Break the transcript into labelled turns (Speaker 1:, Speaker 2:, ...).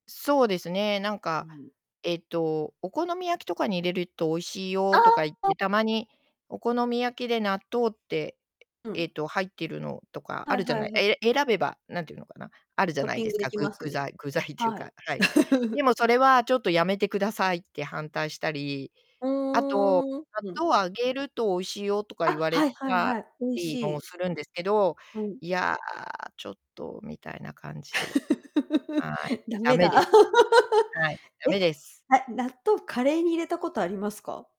Speaker 1: そうですね、なんか、
Speaker 2: うん。
Speaker 1: えっと、お好み焼きとかに入れると美味しい
Speaker 2: あ
Speaker 1: よとか言っ
Speaker 2: あ、あ。
Speaker 1: て、たまにお好み焼きで納豆って、
Speaker 2: う
Speaker 1: え
Speaker 2: ん。
Speaker 1: っと、入っているのとか
Speaker 2: は
Speaker 1: あ
Speaker 2: い
Speaker 1: るじゃ
Speaker 2: は
Speaker 1: な
Speaker 2: い
Speaker 1: い
Speaker 2: はい。
Speaker 1: え選べば何て言うのかな、あるじゃ
Speaker 2: トッ
Speaker 1: ない
Speaker 2: ピ
Speaker 1: で
Speaker 2: ン
Speaker 1: す
Speaker 2: グで
Speaker 1: か、
Speaker 2: き
Speaker 1: 具
Speaker 2: ます
Speaker 1: 具
Speaker 2: ね。
Speaker 1: 材具材っていう
Speaker 2: はい。
Speaker 1: かはい。で も、それはちょっとやめてくださいって反対したり。
Speaker 2: う
Speaker 1: あと、
Speaker 2: ーん、う
Speaker 1: 納
Speaker 2: ん。
Speaker 1: 豆を揚げると美味しいよとか
Speaker 2: あ、
Speaker 1: 言われ
Speaker 2: はいはい
Speaker 1: た
Speaker 2: はい、美味し
Speaker 1: りも
Speaker 2: い。
Speaker 1: するんですけど、
Speaker 2: はい。
Speaker 1: いや、ちょっと、みたいな感じで。はい、
Speaker 2: だ
Speaker 1: 駄
Speaker 2: め
Speaker 1: 目で
Speaker 2: だ。
Speaker 1: すね。はい、駄
Speaker 2: え、
Speaker 1: 目です。
Speaker 2: あ、納豆、カレーに入れたことありますか？